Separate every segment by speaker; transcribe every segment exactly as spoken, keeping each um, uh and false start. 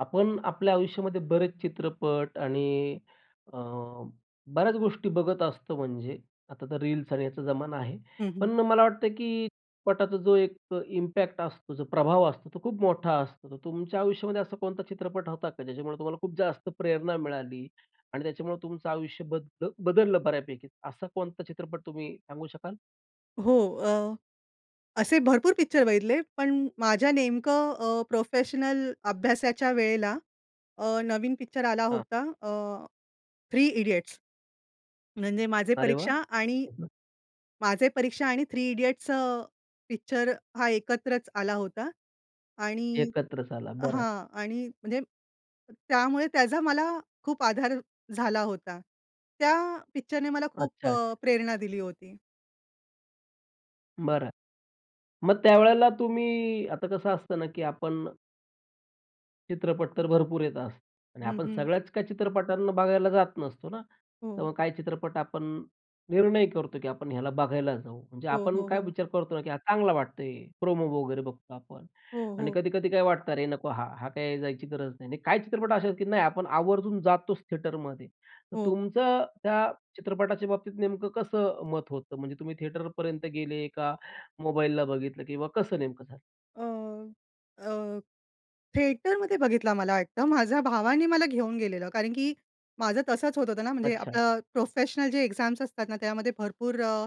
Speaker 1: आपण आपल्या आयुष्यामध्ये बरेच चित्रपट आणि अ, बऱ्याच गोष्टी बघत असतो म्हणजे आता तर रील्स आणि ह्याचा जमाना आहे.
Speaker 2: हं, हं.
Speaker 1: पण मला वाटतं आहे की चित्रपटाचा जो एक अ, इम्पॅक्ट असतो, जो प्रभाव असतो, तो खूप मोठा असतो. तर तुमच्या आयुष्यामध्ये असा कोणता चित्रपट होता का, ज्याच्यामुळे तुम्हाला खूप जास्त प्रेरणा मिळाली आणि त्याच्यामुळं तुमचं आयुष्य बद्द बदललं बऱ्यापैकी? असा कोणता चित्रपट तुम्ही सांगू शकाल?
Speaker 2: हो. अ, असे भरपूर पिक्चर बघितले, पण माझ्या नेमकं अ, प्रोफेशनल अभ्यासाच्या वेळेला अ, नवीन पिक्चर आला
Speaker 1: हां.
Speaker 2: होता अ, थ्री इडियट्स. म्हणजे माझे
Speaker 1: अरे वाह!
Speaker 2: परीक्षा आणि
Speaker 1: [unintelligible]
Speaker 2: माझे परीक्षा आणि थ्री इडियट्स अ, पिक्चर हा एकत्रच आला होता. आणि
Speaker 1: एकत्रच आला. बरं.
Speaker 2: हां आणि म्हणजे त्यामुळे त्याचा मला खूप आधार झाला होता. त्या पिक्चरने मला खूप
Speaker 1: अच्छा,
Speaker 2: अ,
Speaker 1: अच्छा.
Speaker 2: प्रेरणा दिली होती.
Speaker 1: बरं. मग त्यावेळेला तुम्ही आता कसं असतं ना की आपण चित्रपट तर भरपूर येत असतात. आणि
Speaker 2: हं,
Speaker 1: आपण
Speaker 2: हं.
Speaker 1: सगळ्याच काही चित्रपटांना बघायला जात नसतो ना? तर
Speaker 2: हो.
Speaker 1: मग काही चित्रपट आपण निर्णय करतो की आपण ह्याला बघायला जाऊ. म्हणजे
Speaker 2: हो,
Speaker 1: आपण
Speaker 2: हो,
Speaker 1: काय
Speaker 2: हो.
Speaker 1: विचार करतो ना की "हा चांगला वाटतोय," प्रोमो वगैरे बघतो आपण.
Speaker 2: हो,
Speaker 1: आणि
Speaker 2: हो.
Speaker 1: कधी-कधी काय वाटतं, "अरे! नको हा. हा काही जायची गरज नाही." आणि काही चित्रपट अशा आहेत की नाही आपण आवर्जून जातोच थिएटरमध्ये. तर
Speaker 2: हो.
Speaker 1: तुमचं त्या चित्रपटाच्या बाबतीत नेमकं कसं मत होतं म्हणजे तुम्ही थिएटरपर्यंत गेले, का मोबाईलला बघितलं किंवा कसं नेमकं झालं?
Speaker 2: अ, अ, थिएटरमध्ये बघितला मला वाटतं, माझ्या भावाने मला घेऊन गेलेलं. कारण की माझं तसंच होत-होतं ना. म्हणजे
Speaker 1: अच्छा.
Speaker 2: आपले प्रोफेशनल जे एक्झाम्स असतात ना त्यामध्ये भरपूर अ,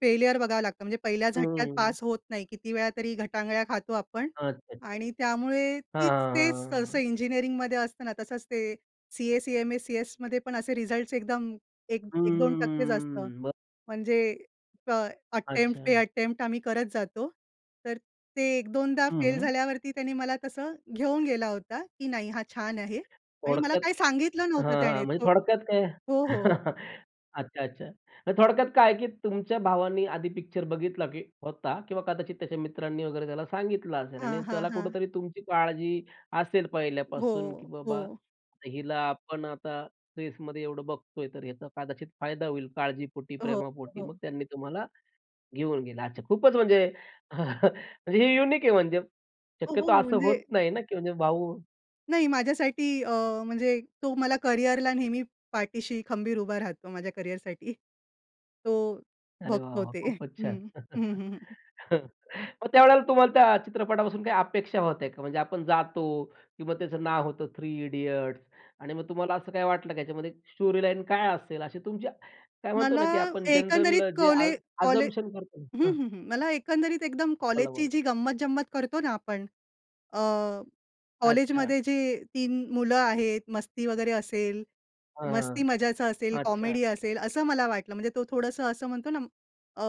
Speaker 2: फेलिअर बघावं लागतं. म्हणजे पहिल्या झटक्यात
Speaker 1: हम्म.
Speaker 2: पास होत नाही. किती वेळा तरी ग टांगळ्या खातो आपण,
Speaker 1: अच्छा, अच्छा.
Speaker 2: आणि त्यामुळे तीच
Speaker 1: हां, हां,
Speaker 2: ते
Speaker 1: हां,
Speaker 2: सहसा
Speaker 1: हां.
Speaker 2: इंजिनिअरिंगमध्ये असत ना, तसंच ते सी-ए, सी-एम-ए, सी-एसमध्ये पण असे रिझल्ट्स एकदम एक एक दोन
Speaker 1: हम्म,
Speaker 2: टक्के च असतं,
Speaker 1: हम्म, ब
Speaker 2: म्हणजे ट्राय, अटेम्प्ट पे
Speaker 1: अच्छा.
Speaker 2: अटेम्प्ट आम्ही करत जातो. तर ते एक-दोनदा
Speaker 1: हं,
Speaker 2: फेल
Speaker 1: हं.
Speaker 2: झाल्यावरती त्याने मला तसं घेऊन गेला होता, की "नाही, हा छान आहे." आणि मला
Speaker 1: थोडक्यात
Speaker 2: काही सांगितलं नव्हतं
Speaker 1: हां,
Speaker 2: त्याने
Speaker 1: हां, म्हणजे
Speaker 2: को
Speaker 1: थोडक्यात काय
Speaker 2: हो, हो.
Speaker 1: अच्छा, अच्छा. तर थोडक्यात काय आहे की तुमच्या भावाने आधी पिक्चर बघितला, की होता. किंवा कदाचित त्याच्या मित्रांनी वगैरे त्याला सांगितलं असेल.
Speaker 2: हां,
Speaker 1: आणि
Speaker 2: हां,
Speaker 1: त्याला
Speaker 2: हां.
Speaker 1: कुठेतरी तुमची काळजी असेल पहिल्यापासून, की
Speaker 2: हो,
Speaker 1: "बाबा,
Speaker 2: हो.
Speaker 1: हिला आपण आता फेजमध्ये एवढं बघतो आहे तर याचा कदाचित फायदा होईल. "काळजीपोटी,
Speaker 2: हो,
Speaker 1: प्रेमापोटी.
Speaker 2: हो.
Speaker 1: मग त्यांनी तुम्हाला घेऊन गेलं. अच्छा, खूपच म्हणजे हे युनिक आहे म्हणजे,
Speaker 2: हो,
Speaker 1: शक्यतो
Speaker 2: हो.
Speaker 1: असं होत
Speaker 2: म्हणजे
Speaker 1: नाही ना, की म्हणजे भाऊ
Speaker 2: नाही माझ्यासाठी अ, म्हणजे तो मला करियरला नेहमी पाठीशी खंबीर उभा राहतो, माझ्या करियरसाठी. तो
Speaker 1: अरे वाह!
Speaker 2: बघतो
Speaker 1: वाह!
Speaker 2: ते.
Speaker 1: खूपच छान.
Speaker 2: हं, हं, हं, हं.
Speaker 1: हं, मग त्यावेळेला तुम्हाला त्या चित्रपटापासून काही अपेक्षा होत्या का? म्हणजे आपण जातो किंवा त्याचं नाव होतं थ्री इडियट्स. आणि मग तुम्हाला असं काही वाटलं, की ह्याच्यामध्ये स्टोरी लाईन काय असेल? अशी तुमची काय म्हणतो
Speaker 2: मला
Speaker 1: ना, की आपण
Speaker 2: एकंदरीत
Speaker 1: जनरल जे आज
Speaker 2: कॉले कॉले
Speaker 1: असम्पशन करतो?
Speaker 2: हं,
Speaker 1: हां.
Speaker 2: हं, हं. मला एकंदरीत एकदम
Speaker 1: बोला,
Speaker 2: कॉलेजची
Speaker 1: बोला.
Speaker 2: जी गंमत-जंमत करतो ना आपण. अ,
Speaker 1: अच्छा.
Speaker 2: कॉलेजमध्ये जे तीन मुलं आहेत. मस्ती वगैरे असेल,
Speaker 1: हां,
Speaker 2: मस्ती मजाचं असेल,
Speaker 1: अच्छा.
Speaker 2: कॉमेडी असेल असं मला वाटलं. म्हणजे तो थोडंसं असं म्हणतो ना, अ,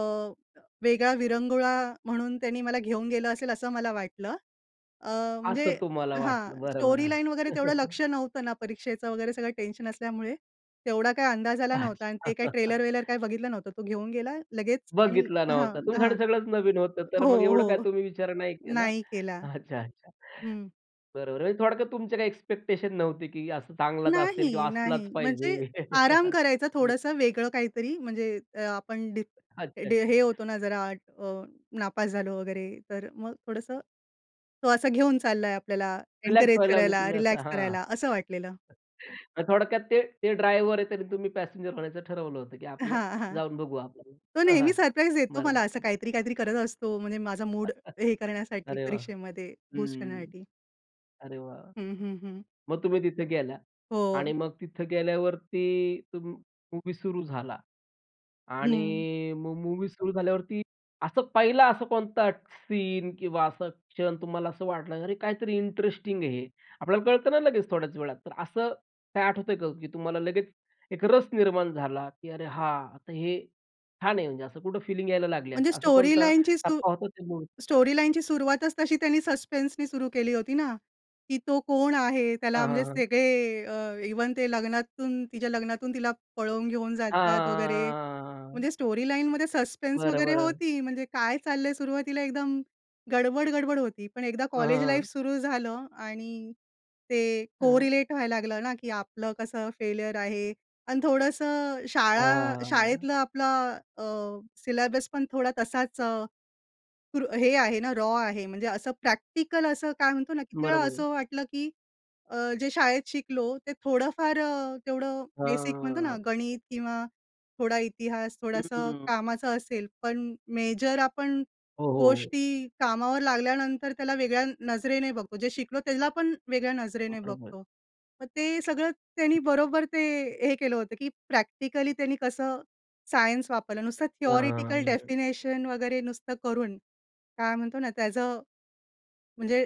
Speaker 2: वेगळा विरंगुळा म्हणून त्यानी मला घेऊन गेलं असेल असं मला वाटलं. अ, म्हणजे
Speaker 1: असं तुम्हाला वाटलं.
Speaker 2: हां.
Speaker 1: बरं,
Speaker 2: स्टोरी
Speaker 1: बरं.
Speaker 2: लाईन वगैरे तेवढं लक्ष नव्हतं ना, परीक्षेचं वगैरे सगळं टेन्शन असल्यामुळे. तेवढा काही अंदाज आला नव्हता आणि
Speaker 1: अच्छा.
Speaker 2: ते काही ट्रेलर-वेलर काही बघितलं नव्हतं. तो घेऊन गेला लगेच आणि
Speaker 1: बघितला
Speaker 2: हां,
Speaker 1: नव्हता.
Speaker 2: हां.
Speaker 1: तुमच्यासाठी सगळंच नवीन होतं. तर
Speaker 2: हो,
Speaker 1: मग एवढं काय
Speaker 2: हो
Speaker 1: तुम्ही विचार नाही केला.
Speaker 2: नाही केला
Speaker 1: अच्छा, अच्छा.
Speaker 2: हं.
Speaker 1: बरोबर म्हणजे थोडक्यात तुमचे काही एक्स्पेक्टेशन नव्हते की असं चांगलाच असेल
Speaker 2: नाही,
Speaker 1: किंवा असलाच
Speaker 2: नाही.
Speaker 1: पाहिजे.
Speaker 2: म्हणजे आराम करायचा
Speaker 1: हं.
Speaker 2: थोडंसं वेगळं काहीतरी. म्हणजे अ, आपण डी
Speaker 1: अच्छा,
Speaker 2: ड
Speaker 1: अच्छा.
Speaker 2: हे होतो ना जरा अ, नापास झालो वगैरे. तर मग थोडंसं, तो असं घेऊन चाललाय आपल्याला.
Speaker 1: रिलॅक्स
Speaker 2: एन्करेज
Speaker 1: व्हायला म्हणजे
Speaker 2: करायला,
Speaker 1: तुम्ही असं
Speaker 2: रिलॅक्स
Speaker 1: हां.
Speaker 2: करायला असं वाटलेलं.
Speaker 1: मग थोडक्यात ते ते ड्रायव्हर आहे. तरी तुम्ही पॅसेंजर होण्याचं ठरवलं होतं की आपलं
Speaker 2: हां, हां.
Speaker 1: जाऊन बघू आपण
Speaker 2: तो
Speaker 1: हां, हां
Speaker 2: नेहमी सरप्राईज देतो मला. असं
Speaker 1: बरोबर.
Speaker 2: काहीतरी-काहीतरी करत असतो. म्हणजे माझा मूड हे करण्यासाठी,
Speaker 1: अरे वाह!
Speaker 2: परीक्षेमध्ये बूस्ट
Speaker 1: हं.
Speaker 2: करण्यासाठी.
Speaker 1: अरे वाह!
Speaker 2: हं, हं, हं.
Speaker 1: मग तुम्ही तिथे गेल्या आणि
Speaker 2: हो.
Speaker 1: मग तिथं गेल्यावरती तुम मूव्ही सुरू झाला.
Speaker 2: हं.
Speaker 1: आणि मग मूव्ही सुरू झाल्यावरती, असं पहिला असा कोणता सीन किंवा असा क्षण तुम्हाला असं वाटलं "अरे काहीतरी इंटरेस्टिंग आहे हे?" आपल्याला कळतंना लगेच थोड्याच वेळात. तर असं काही आठवतं का, की तुम्हाला लगेच एक रस निर्माण झाला? की "अरे हां, तर हे छान आहे." म्हणजे असं कुठं फीलिंग यायला लागल्यात.
Speaker 2: म्हणजे
Speaker 1: असं
Speaker 2: स्टोरी
Speaker 1: कोणता
Speaker 2: लाईनची स्टो
Speaker 1: टप्पा होता त्या मुवीचा?
Speaker 2: स्टोरी लाईनची सुरुवातच तशी त्यांनी सस्पेन्सनी सुरु केली होती ना, की तो कोण आहे? त्याला
Speaker 1: हां, हां,
Speaker 2: म्हणजे
Speaker 1: हां.
Speaker 2: सगळे अ, इव्हन ते लग्नातून, तिच्या लग्नातून तिला पळवून घेऊन जातात वगैरे.
Speaker 1: हां
Speaker 2: म्हणजे स्टोरी लाईनमध्ये सस्पेन्स
Speaker 1: बरं,
Speaker 2: वगैरे
Speaker 1: बरं.
Speaker 2: होती. म्हणजे काय चाललं आहे सुरुवातीला एकदम गडबड-गडबड होती. पण एकदा
Speaker 1: ह, हं,
Speaker 2: कॉलेज लाईफ
Speaker 1: हं
Speaker 2: सुरु झालं आणि ते
Speaker 1: हं.
Speaker 2: कोरिलेट व्हायला लागलं ना, की आपलं कसं फेल्युर आहे? आणि थोडंसं शाळा
Speaker 1: हां.
Speaker 2: शाळेतलं आपलं अ, सिलेबस पण थोडा तसाच अ, र हे आहे ना, रॉ आहे. म्हणजे असं प्रॅक्टिकल असं काय म्हणतो ना, किती वेळा
Speaker 1: बरोबर आहे.
Speaker 2: असं वाटलं की अ, जे शाळेत शिकलो. ते थोडंफार अ, तेवढं बेसिक म्हणतो ना,
Speaker 1: हां.
Speaker 2: गणित किंवा थोडा इतिहास.
Speaker 1: हं, हं,
Speaker 2: थोडंसं
Speaker 1: हं.
Speaker 2: कामाचं असेल. पण मेजर आपण
Speaker 1: हो, हो, हो.
Speaker 2: गोष्टी कामावर लागल्यानंतर त्याला वेगळ्या अ, नजरेने बघतो. जे शिकलो त्याला पण वेगळ्या नजरेने
Speaker 1: बरोबर.
Speaker 2: बघतो. मग ते सगळं त्यांनी बरोबर ते, हे केलं होतं की प्रॅक्टिकली त्यांनी कसं सायन्स वापरलं? नुसतं थियोरेटिकल
Speaker 1: हां.
Speaker 2: डेफिनेशन वगैरे नुसतं करून काय म्हणतो ना? त्याचं म्हणजे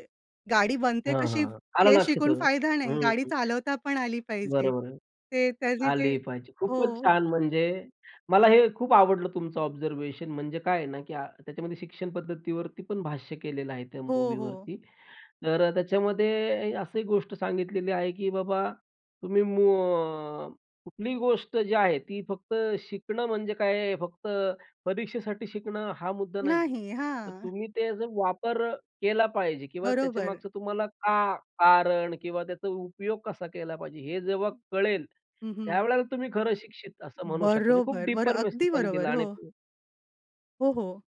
Speaker 2: गाडी बनते
Speaker 1: हां, हां,
Speaker 2: कशी?
Speaker 1: हां.आला
Speaker 2: हे
Speaker 1: लक्षात अ,
Speaker 2: शिकून फायदा नाही.
Speaker 1: हं
Speaker 2: गाडी चालवता पण आली पाहिजे.
Speaker 1: बरं, बरं
Speaker 2: ते त्यांनी ते
Speaker 1: आली पाहिजे. खूपच
Speaker 2: हो.
Speaker 1: छान म्हणजे मला हे खूप आवडलं तुमचं ऑब्झर्वेशन म्हणजे काय आहे ना, की अ, त्याच्यामध्ये शिक्षण पद्धतीवरती पण भाष्य केलेलं आहे, त्या
Speaker 2: हो, हो.
Speaker 1: मूव्हीवरती. तर अ, त्याच्यामध्ये अ, अशी गोष्ट सांगितलेली आहे, की बाबा तुम्ही मू अ, कुठलीही गोष्ट जी आहे, ती फक्त शिकणं म्हणजे काय आहे? फक्त परीक्षेसाठी शिकणं हा मुद्दा नाही आहे.
Speaker 2: नाही,
Speaker 1: तर
Speaker 2: हां.
Speaker 1: तुम्ही ते जर वापर अ, केला पाहिजे किंवा
Speaker 2: बरोबर.
Speaker 1: त्याच्यामागचं तुम्हाला का कारण किंवा त्याचा उपयोग कसा केला पाहिजे? हे जेव्हा
Speaker 2: हं.
Speaker 1: कळेल,
Speaker 2: हं, हं.
Speaker 1: त्यावेळेला तुम्ही खरं शिक्षित असं म्हणू शकता. म्हणजे खूप
Speaker 2: बरोबर बरं,
Speaker 1: डीपर मेसेज
Speaker 2: अगदी
Speaker 1: त्यांनी
Speaker 2: बरोबर.
Speaker 1: दिला आणि
Speaker 2: हो.
Speaker 1: ते
Speaker 2: हो, हो.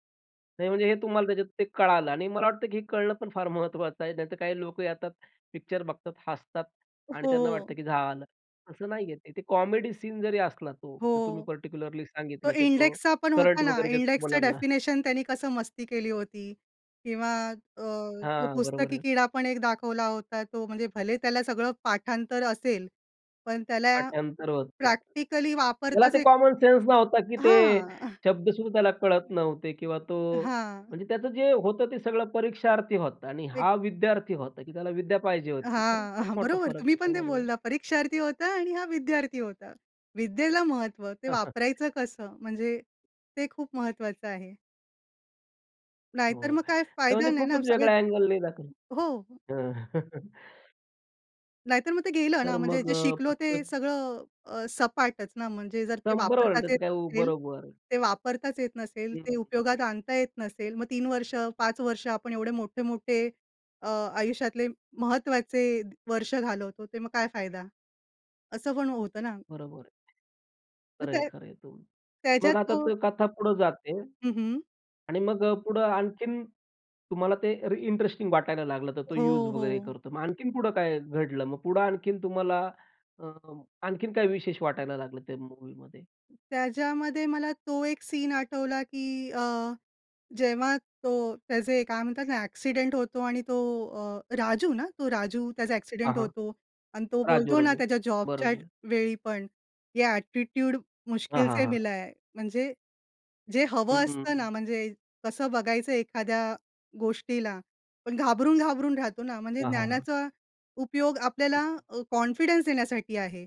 Speaker 1: नाही, म्हणजे हे तुम्हाला त्याच्यात ते कळालं आणि मला वाटतं की हे कळणं पण फार महत्वाचं आहे. नाहीतर काही लोक येतात, पिक्चर बघतात, हसतात
Speaker 2: अ,
Speaker 1: आणि त्यांना वाटतं
Speaker 2: हो.
Speaker 1: की झालं. असं नाही आहे ते. ते कॉमेडी सीन जरी असला तो तर तुम्ही
Speaker 2: हो.
Speaker 1: पर्टिक्युलरली
Speaker 2: तो
Speaker 1: सांगितलं की तो
Speaker 2: इंडेक्सचा पण होता
Speaker 1: करंट
Speaker 2: ना.
Speaker 1: वगैरे देतो
Speaker 2: इंडेक्सचं
Speaker 1: मुलांना.
Speaker 2: डेफिनेशन त्यांनी कसं मस्ती केली होती किंवा अ, तो
Speaker 1: हां, बरोबर
Speaker 2: पुस्तकी
Speaker 1: आहे.
Speaker 2: कीडा पण एक दाखवला होता. तो म्हणजे भले त्याला सगळं पाठांतर असेल. पण त्याला
Speaker 1: पाठांतर होतं जात.
Speaker 2: प्रॅक्टिकली
Speaker 1: त्याला
Speaker 2: वापरताच
Speaker 1: ते
Speaker 2: येत
Speaker 1: कॉमन सेन्स नव्हतं की ते
Speaker 2: हां.
Speaker 1: शब्द सुद्धा त्याला कळत नव्हते किंवा तो
Speaker 2: अ, हां.
Speaker 1: म्हणजे त्याचं जे होतं, ते सगळं परीक्षार्थी होतं आणि
Speaker 2: एक
Speaker 1: हा विद्यार्थी होता की त्याला विद्या पाहिजे होती. तर
Speaker 2: हां,
Speaker 1: खूप
Speaker 2: हां.
Speaker 1: मोठा
Speaker 2: बरोबर
Speaker 1: फरक
Speaker 2: तुम्ही
Speaker 1: आहे
Speaker 2: पण ते
Speaker 1: त्यामध्ये.
Speaker 2: बोलला. परीक्षार्थी होता आणि हा विद्यार्थी होता. विद्येला महत्व. ते वापरायचं कसं म्हणजे ते खूप महत्वाचं आहे. नाहीतर
Speaker 1: हो.
Speaker 2: मग काय
Speaker 1: तर
Speaker 2: फायदा
Speaker 1: म्हणजे
Speaker 2: नाही ना
Speaker 1: खूपच
Speaker 2: सगळे
Speaker 1: वेगळा अँगलनी दाखवलं.
Speaker 2: हो.
Speaker 1: हं.
Speaker 2: नाहीतर मग ते गेलं ना,
Speaker 1: तर
Speaker 2: म्हणजे
Speaker 1: मग
Speaker 2: जे
Speaker 1: अ,
Speaker 2: शिकलो ते
Speaker 1: तितकच
Speaker 2: सगळं अ, सपाटच ना म्हणजे जर ते
Speaker 1: शंभर
Speaker 2: वापरताच
Speaker 1: व्होल्टाचं
Speaker 2: येत
Speaker 1: काय उ
Speaker 2: नसेल
Speaker 1: बरोबर.
Speaker 2: ते वापरताच येत नसेल,
Speaker 1: हं, हं,
Speaker 2: ते
Speaker 1: हं.
Speaker 2: उपयोगात आणता येत नसेल. मग तीन वर्ष पाच वर्ष आपण एवढे मोठे-मोठे अ, आयुष्यातले महत्वाचे वर्ष घालवतो. ते मग काय फायदा? असं पण होतं ना.
Speaker 1: बरोबर आहे.
Speaker 2: मग
Speaker 1: खरं आहे,
Speaker 2: त्यात
Speaker 1: खरं आहे, तुम
Speaker 2: त्याच्यात
Speaker 1: मग आता
Speaker 2: तो
Speaker 1: कथा पुढं जाते.
Speaker 2: हं, हं.
Speaker 1: आणि मग पुढं आणखीन तुम्हाला ते री इंटरेस्टिंग वाटायला लागलं तर तो युज
Speaker 2: हो,
Speaker 1: वगैरे
Speaker 2: हो.
Speaker 1: करतो. मग आणखीन पुढे काय घडलं? मग पुढं आणखीन तुम्हाला अं, आणखीन काय विशेष वाटायला लागलं त्या मूव्हीमध्ये.
Speaker 2: त्याच्यामध्ये मला तो एक सीन आठवला की अ, जेव्हा तो त्याचे काय म्हणतात ना ॲक्सिडेंट होतो आणि तो अ, राजू ना तो राजू? त्याचा
Speaker 1: हां,
Speaker 2: ॲक्सिडेंट
Speaker 1: हां.
Speaker 2: होतो. आणि तो
Speaker 1: राजू,
Speaker 2: बोलतो ना
Speaker 1: राजू,
Speaker 2: त्याच्या जॉबच्या
Speaker 1: बरोबर.
Speaker 2: वेळी पण "ये ॲटिट्यूड
Speaker 1: हां,
Speaker 2: मुश्किल
Speaker 1: हां,
Speaker 2: से
Speaker 1: हां.
Speaker 2: मिला है." म्हणजे जे
Speaker 1: हं,
Speaker 2: हवं
Speaker 1: हं,
Speaker 2: असतं ना,
Speaker 1: हं.
Speaker 2: म्हणजे कसं बघायचं एखाद्या गोष्टीला. पण घाबरून-घाबरून राहतो ना. म्हणजे
Speaker 1: हां, हां, हां.
Speaker 2: ज्ञानाचा उपयोग आपल्याला अ, कॉन्फिडन्स देण्यासाठी आहे.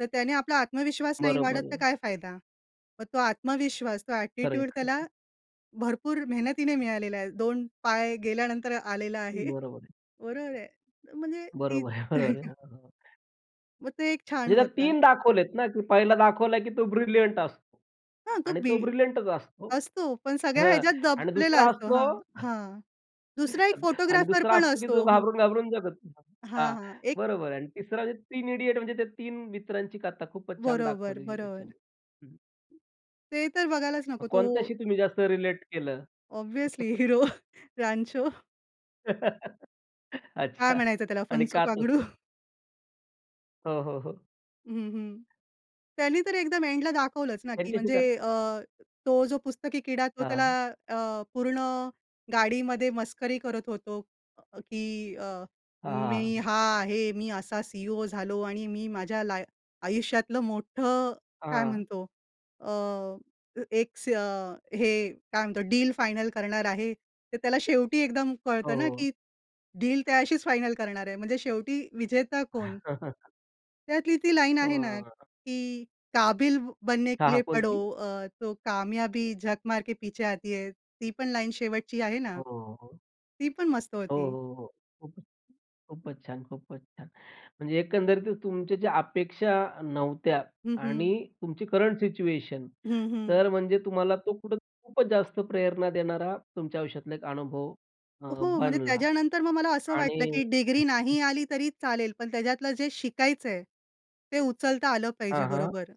Speaker 2: तर त्याने आपला आत्मविश्वास नाही वाढत,
Speaker 1: बरोबर
Speaker 2: तर
Speaker 1: आहे.
Speaker 2: काय फायदा? मग तो आत्मविश्वास, तो
Speaker 1: खरं आहे,
Speaker 2: ॲटिट्यूड
Speaker 1: खरं
Speaker 2: त्याला
Speaker 1: आहे.
Speaker 2: भरपूर मेहनतीने मिळालेला आहे. दोन पाय गेल्यानंतर आलेला आहे.
Speaker 1: बरोबर आहे.
Speaker 2: बरोबर आहे. म्हणजे ती
Speaker 1: बरोबर आहे, बरोबर आहे.
Speaker 2: मग ते एक छान
Speaker 1: म्हणजे त्याच्यात
Speaker 2: होत.
Speaker 1: तीन दाखवलेत ना, की पहिला दाखवला की तो ब्रिलियंट असतो
Speaker 2: हां, तो
Speaker 1: आणि
Speaker 2: बी
Speaker 1: तो ब्रिलियंटच असतो.
Speaker 2: असतो. पण सगळ्या
Speaker 1: हां
Speaker 2: ह्याच्यात
Speaker 1: आणि
Speaker 2: दबलेला
Speaker 1: दुसरा
Speaker 2: असतो
Speaker 1: असतो
Speaker 2: हां, हां, दुसरा एक
Speaker 1: आणि
Speaker 2: फोटोग्राफर
Speaker 1: दुसरा
Speaker 2: पण
Speaker 1: असतो की जो
Speaker 2: असतो, हो.
Speaker 1: घाबरून-घाबरून जगत होता.
Speaker 2: हां,
Speaker 1: हां,
Speaker 2: हां, एक
Speaker 1: बरोबर आहे आणि तिसरा म्हणजे तीन इडियट म्हणजे त्या तीन मित्रांची कथा खूपच छान
Speaker 2: बरोबर,
Speaker 1: दाखवलेली आहे
Speaker 2: बरोबर.
Speaker 1: त्याच्यामध्ये. हं.
Speaker 2: ते तर बघायलाच नको तो
Speaker 1: कोणत्याशी तुम्ही जास्त रिलेट केलं?
Speaker 2: Obviously hero Rancho. काय
Speaker 1: अच्छा.
Speaker 2: म्हणायचं त्याला
Speaker 1: आणि
Speaker 2: फुंसुक
Speaker 1: का
Speaker 2: वांगडू.
Speaker 1: तसं? हो, हो, हो.
Speaker 2: हं, हं, त्यांनी तर एकदम एंडला दाखवलंच ना की
Speaker 1: त्यांच्याशी
Speaker 2: म्हणजे
Speaker 1: कारण
Speaker 2: अ, तो जो पुस्तकी किडा तो
Speaker 1: हां,
Speaker 2: त्याला
Speaker 1: हां.
Speaker 2: अ, पूर्ण गाडीमध्ये मस्करी करत होतो अ, की अ,
Speaker 1: हां,
Speaker 2: "मी
Speaker 1: हां.
Speaker 2: हा आहे, मी असा सीईओ झालो आणि मी माझ्या लाय आयुष्यातलं मोठं काय
Speaker 1: हां.
Speaker 2: म्हणतो अ, अ एक स हे काय म्हणतो डील फायनल करणार आहे." तर त्याला शेवटी एकदम
Speaker 1: हो,
Speaker 2: कळतं ना,
Speaker 1: हो.
Speaker 2: की डील त्याच्याशीच फायनल करणार आहे. म्हणजे शेवटी विजेता कोण? त्यातली ती लाईन आहे ना
Speaker 1: हं.
Speaker 2: की, "काबिल ब बनने के
Speaker 1: हां,
Speaker 2: लिए
Speaker 1: हां,
Speaker 2: पढ़ो
Speaker 1: कोणती?
Speaker 2: अ, तो कामयाबी झक मार के पीछे आती है, ती पण लाईन शेवटची आहे ना.
Speaker 1: हो, हो, हो.
Speaker 2: ती पण मस्त
Speaker 1: हो,
Speaker 2: होती.
Speaker 1: हो, हो, खूप खूपच छान, खूपच छान. म्हणजे एकंदरीत त तुमच्या ज्या अपेक्षा नव्हत्या
Speaker 2: हं,
Speaker 1: आणि
Speaker 2: हं.
Speaker 1: तुमची करंट सिच्युएशन
Speaker 2: हं, हं.
Speaker 1: तर म्हणजे तुम्हाला तो कुठे खूपच जास्त प्रेरणा देणारा तुमच्या आयुष्यातला एक हा अनुभव अ,
Speaker 2: हो, म्हणजे
Speaker 1: बनला
Speaker 2: त्याच्यानंतर मग मला असं वाटलं
Speaker 1: आणि
Speaker 2: की डिग्री
Speaker 1: [unintelligible]
Speaker 2: नाही आली तरी चालेल पण त्याच्यातलं जे शिकायचं आहे, ते उचलता आलं पाहिजे
Speaker 1: हां, हां.
Speaker 2: बरोबर.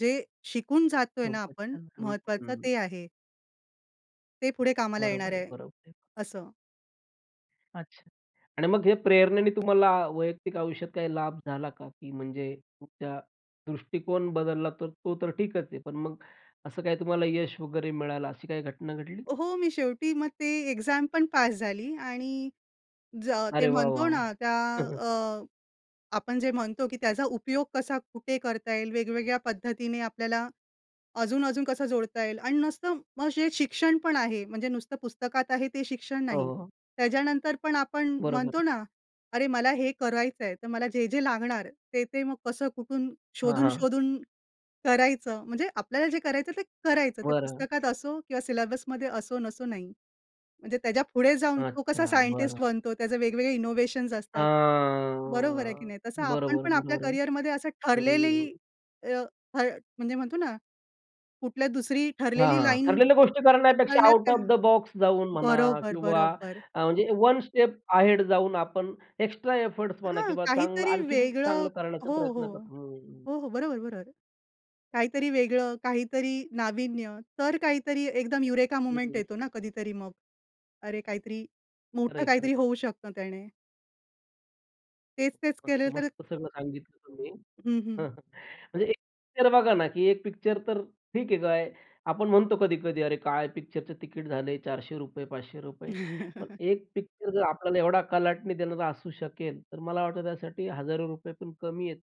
Speaker 2: जे शिकून जात आहे ना आपण
Speaker 1: खुपचं छान! हं,
Speaker 2: महत्वाचं
Speaker 1: हं.
Speaker 2: ते आहे. ते पुढे कामाला
Speaker 1: बरोबर
Speaker 2: येणार
Speaker 1: आहे,
Speaker 2: आहे
Speaker 1: बरोबर आहे.
Speaker 2: असं.
Speaker 1: अच्छा आणि मग हे प्रेरणेने तुम्हाला वैयक्तिक आयुष्यात काही लाभ झाला का? की म्हणजे तुमचा दृष्टिकोन बदलला तर तो तर ठीकच आहे. पण मग असं काय तुम्हाला यश वगैरे मिळालं अशी काही घटना घडली?
Speaker 2: हो, मी शेवटी मग ते एक्झाम पण पास झाली आणि ज ते
Speaker 1: अरे वाह! वाह!
Speaker 2: म्हणतो
Speaker 1: वाह!
Speaker 2: ना त्या अ, आपण जे म्हणतो की त्याचा उपयोग कसा, कुठे करता येईल, वेगवेगळ्या पद्धतीने आपल्याला, अजून-अजून कसा जोडता येईल अन् नसतं मग जे शिक्षण पण आहे म्हणजे नुसतं पुस्तकात आहे ते शिक्षण
Speaker 1: हो,
Speaker 2: नाही.
Speaker 1: हो.
Speaker 2: त्याच्यानंतर पण आपण
Speaker 1: बरोबर
Speaker 2: म्हणतो
Speaker 1: आहे.
Speaker 2: ना, "अरे! मला हे करायचं आहे. तर मला जे जे लागणार ते-ते मग कसं कुठून
Speaker 1: हां, हां.
Speaker 2: शोधून-शोधून करायचं," म्हणजे आपल्याला जे करायचं ते करायचं. ते
Speaker 1: बरं.
Speaker 2: पुस्तकात असो किंवा सिलेबस असो नसो नाही. म्हणजे त्याच्या पुढे जाऊन तो कसा
Speaker 1: अच्छा बरं.
Speaker 2: सायंटिस्ट बनतो, त्याचे वेगवेगळे इनोव्हेशन्स असतात. बरोबर आहे की
Speaker 1: हां,
Speaker 2: नाही? तसं आपण
Speaker 1: बरोबर,
Speaker 2: पण आपल्या
Speaker 1: बरोबर,
Speaker 2: करिअरमध्ये असं ठरलेली
Speaker 1: हम्म.
Speaker 2: अ, ठ म्हणजे म्हणतो ना, कुठल्या दुसरी
Speaker 1: हां,
Speaker 2: ठरलेली
Speaker 1: हां,
Speaker 2: लाईन
Speaker 1: ठरलेल्या गोष्टी करण्यापेक्षा
Speaker 2: कळण्यात
Speaker 1: आउट
Speaker 2: काय
Speaker 1: ऑफ द बॉक्स जाऊन म्हणा
Speaker 2: बरोबर,
Speaker 1: किंवा
Speaker 2: बरोबर.
Speaker 1: अ, म्हणजे वन स्टेप अहेड जाऊन आपण एक्स्ट्रा एफर्टस म्हणा
Speaker 2: हां,
Speaker 1: किंवा चांगलं
Speaker 2: काहीतरी
Speaker 1: आणखीन
Speaker 2: वेगळं
Speaker 1: चांगलं करण्याचा
Speaker 2: हो, हो,
Speaker 1: प्रयत्न करतो हं, हं.
Speaker 2: हो, हो, बरोबर-बरोबर. काहीतरी वेगळं, काहीतरी नाविन्य तर काहीतरी एकदम युरेका
Speaker 1: हं,
Speaker 2: मूव्हमेंट
Speaker 1: हं.
Speaker 2: येतो ना कधीतरी मग. अरे काहीतरी
Speaker 1: खरं
Speaker 2: मोठं
Speaker 1: आहे, खरं आहे.
Speaker 2: काहीतरी होऊ शकतं त्याने. तेच-तेच
Speaker 1: मस्त,
Speaker 2: केलं तर
Speaker 1: मस्त सगळं सांगितलं तुम्ही
Speaker 2: हं,
Speaker 1: हं,
Speaker 2: हं.
Speaker 1: हं. म्हणजे एक पिक्चर बघा ना, की एक पिक्चर तर ठीक आहे काय आपण म्हणतो कधी-कधी अरे! काय पिक्चरचं तिकीट झाले चारशे रुपये पाचशे रुपये पण एक पिक्चर जर आपल्याला एवढा कलाटणी देणारा असू शकेल, तर मला वाटतं, की त्यासाठी हजारो रुपये पण कमी आहेत.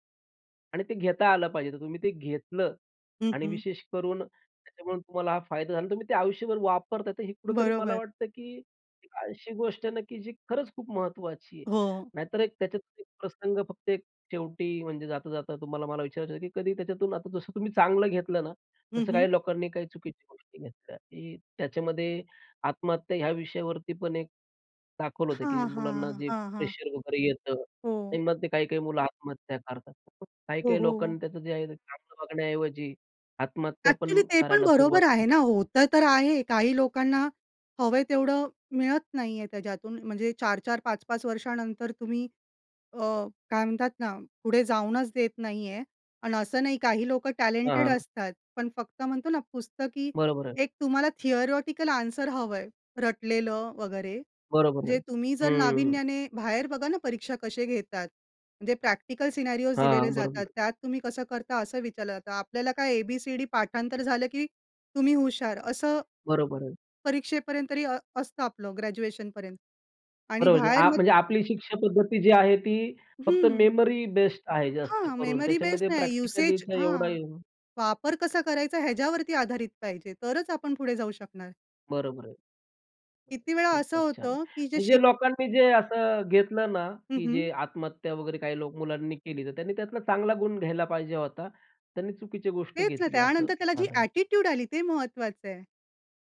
Speaker 1: आणि ते घेता आलं पाहिजे, तर तुम्ही ते घेतलं
Speaker 2: हं,
Speaker 1: आणि
Speaker 2: हं.
Speaker 1: विशेष करून त्याच्यामुळे तुम्हाला हा फायदा झाला आणि तुम्ही ते आयुष्यभर वापरता आहे, तर हे कुठेतरी मला
Speaker 2: बरोबर.
Speaker 1: वाटतं, की अशी गोष्ट आहे ना, की जी खरंच खूप महत्त्वाची आहे.
Speaker 2: हो.
Speaker 1: नाहीतर एक त्याच्यात एक प्रसंग फक्त शेवटी म्हणजे जाता जाता तुम्हाला मला विचारायचं होत, की कधी त्याच्यातून आता जसं तुम्ही चांगलं घेतलं ना
Speaker 2: हं,
Speaker 1: तसं
Speaker 2: हं.
Speaker 1: काही लोकांनी चुकीच्या गोष्टी घेतल्या, की त्याच्यामध्ये आत्महत्या या विषयावरती पण एक दाखवलं होतं, की
Speaker 2: हां,
Speaker 1: मुलांना
Speaker 2: हां,
Speaker 1: जे
Speaker 2: हां, हां.
Speaker 1: प्रेशर वगैरे येतं.
Speaker 2: हो.
Speaker 1: आणि मग ते काही-काही मुलं आत्महत्या करतात.
Speaker 2: हो,
Speaker 1: काही-काही
Speaker 2: हो.
Speaker 1: लोकांना, त्याचं जे आहे चांगलं बघण्या ऐवजी आत्महत्या पण
Speaker 2: एक्चुअली ते पण
Speaker 1: करायला सुरुवात
Speaker 2: बरोबर
Speaker 1: केली.
Speaker 2: आहे ना, होतं तर आहे. काही लोकांना हवं आहे तेवढं मिळत नाही आहे त्याच्यातून. म्हणजे चार-चार, पाच-पाच वर्षानंतर तुम्ही अ, काय म्हणतात? ना पुढे जाऊनच देत नाही आहे. आणि असं नाही काही लोकं टॅलेंटेड
Speaker 1: हां.
Speaker 2: असतात. पण फक्त म्हणतो ना पुस्तकी
Speaker 1: बरोबर आहे.
Speaker 2: एक तुम्हाला थियोरेटिकल आन्सर हवं आहे रटलेलं वगैरे
Speaker 1: बरोबर आहे,
Speaker 2: म्हणजे तुम्ही जर
Speaker 1: हं.
Speaker 2: नाविन्याने बाहेर बघा ना परीक्षा कशी घेतात? म्हणजे प्रॅक्टिकल सिनेरिओस दिलेले
Speaker 1: हां,
Speaker 2: जातात.
Speaker 1: बरोबर.
Speaker 2: त्यात तुम्ही कसं करता असं विचारलं जातं. आपल्याला काय ए-बी-सी-डी पाठांतर झालं, की तुम्ही हुशार, असं
Speaker 1: बरोबर आहे.
Speaker 2: परीक्षेपर्यंत तरी असतं आपलं ग्रॅज्युएशनपर्यंत आणि
Speaker 1: बरोबर
Speaker 2: बाहेर मग
Speaker 1: म्हणजे आपली शिक्षा पद्धती जी आहे, ती फक्त
Speaker 2: हं.
Speaker 1: मेमरी बेस्ड आहे जास्त
Speaker 2: हां,
Speaker 1: करून
Speaker 2: मेमरी बेस
Speaker 1: त्याच्यामध्ये
Speaker 2: नाही युसेज
Speaker 1: प्रॅक्टिकलीचा एवढा
Speaker 2: हां
Speaker 1: हे
Speaker 2: वापर कसा करायचा? ह्याच्यावरती आधारित पाहिजे तरच आपण पुढे जाऊ शकणार.
Speaker 1: बरोबर आहे.
Speaker 2: किती वेळा असं
Speaker 1: खूपच छान.
Speaker 2: होतं की जे
Speaker 1: म्हणजे
Speaker 2: शिक
Speaker 1: जे लोकांनी जे असं घेतलं ना,
Speaker 2: हं,
Speaker 1: की जे
Speaker 2: हं.
Speaker 1: आत्महत्या वगैरे काही लोक, मुलांनी केली, तर त्यांनी त्यातला चांगला गुण घ्यायला पाहिजे होता. त्यांनी चुकीची गोष्ट
Speaker 2: तेच ना,
Speaker 1: घेतली असं
Speaker 2: त्यानंतर त्याला जी
Speaker 1: झालं.
Speaker 2: एटिट्यूड आली, ते महत्त्वाचं आहे.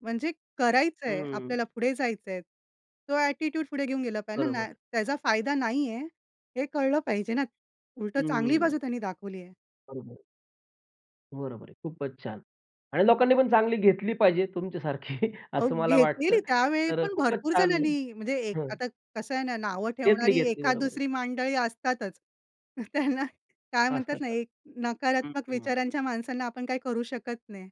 Speaker 2: म्हणजे, करायचं आहे,
Speaker 1: हं.
Speaker 2: आपल्याला पुढे जायचं आहे. तो एटिट्यूड पुढे घेऊन गेला पाहिजे
Speaker 1: बरोबर
Speaker 2: ना,
Speaker 1: आहे.
Speaker 2: त्याचा फायदा नाहीये आहे. हे कळलं पाहिजे ना. उलट चांगली
Speaker 1: हं.
Speaker 2: बाजू त्यांनी दाखवली आहे.
Speaker 1: बरोबर आहे. बरोबर आहे. खूपच छान. आणि लोकांनी पण चांगली घेतली पाहिजे तुमच्यासारखी
Speaker 2: अहो
Speaker 1: असं मला वाटतं.
Speaker 2: घेतलीली, त्यावेळी
Speaker 1: तर
Speaker 2: पण
Speaker 1: खूपच
Speaker 2: भरपूर
Speaker 1: छान
Speaker 2: जणांनी म्हणजे एक,
Speaker 1: हं.
Speaker 2: आता. कसं आहे ना नावं
Speaker 1: घेतली
Speaker 2: ठेवणारी
Speaker 1: घेतली
Speaker 2: एखाद,
Speaker 1: बरोबर आहे.
Speaker 2: दुसरी मंडळी असतातच. त्यांना, काय
Speaker 1: अस
Speaker 2: म्हणतात ना
Speaker 1: का?
Speaker 2: एक,
Speaker 1: हं,
Speaker 2: नकारात्मक
Speaker 1: हं.
Speaker 2: विचारांच्या माणसांना आपण काही करू शकत नाही.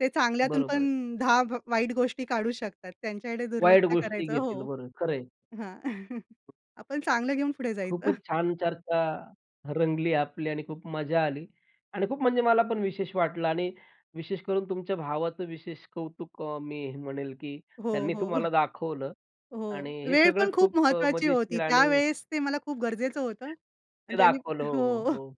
Speaker 2: ते चांगल्यातून
Speaker 1: बरोबर आहे.
Speaker 2: पण दहा भ गोष्टी काढू शकतात. त्यांच्याकडे
Speaker 1: वाईट
Speaker 2: दुर्लक्ष
Speaker 1: गोष्टी
Speaker 2: करायचं.
Speaker 1: घेतील
Speaker 2: हो.
Speaker 1: बरं खरं आहे.
Speaker 2: हां. आपण चांगलं घेऊन पुढे जायचं.
Speaker 1: खूपच छान चर्चा, रंगली आपली आणि खूप मजा आली. आणि खूप म्हणजे मला पण विशेष वाटलं आणि विशेष करून तुमच्या भावाचं विशेष कौतुक अ, मी हे म्हणेल की,
Speaker 2: हो,
Speaker 1: त्यांनी
Speaker 2: हो,
Speaker 1: तुम्हाला दाखवलं आणि
Speaker 2: हो.
Speaker 1: हे
Speaker 2: वेळ पण
Speaker 1: सगळंच
Speaker 2: खूप
Speaker 1: खूप
Speaker 2: महत्त्वाची होती.
Speaker 1: मजेशीर आणि
Speaker 2: त्यावेळेस ते मला खूप गरजेचं होतं.
Speaker 1: सत्य,
Speaker 2: आणि
Speaker 1: ते
Speaker 2: त्यांनी
Speaker 1: दाखवलं. हो, हो,
Speaker 2: हो.
Speaker 1: हो.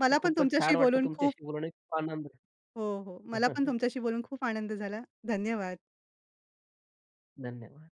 Speaker 2: मला पण
Speaker 1: खूपच
Speaker 2: तुमच्याशी
Speaker 1: छान. वाटल
Speaker 2: बोलून खूप
Speaker 1: तुमच्याशी बोलून एक खूप आनंद
Speaker 2: हो, हो. मला पण तुमच्याशी बोलून खूप आनंद झाला. धन्यवाद.
Speaker 1: धन्यवाद.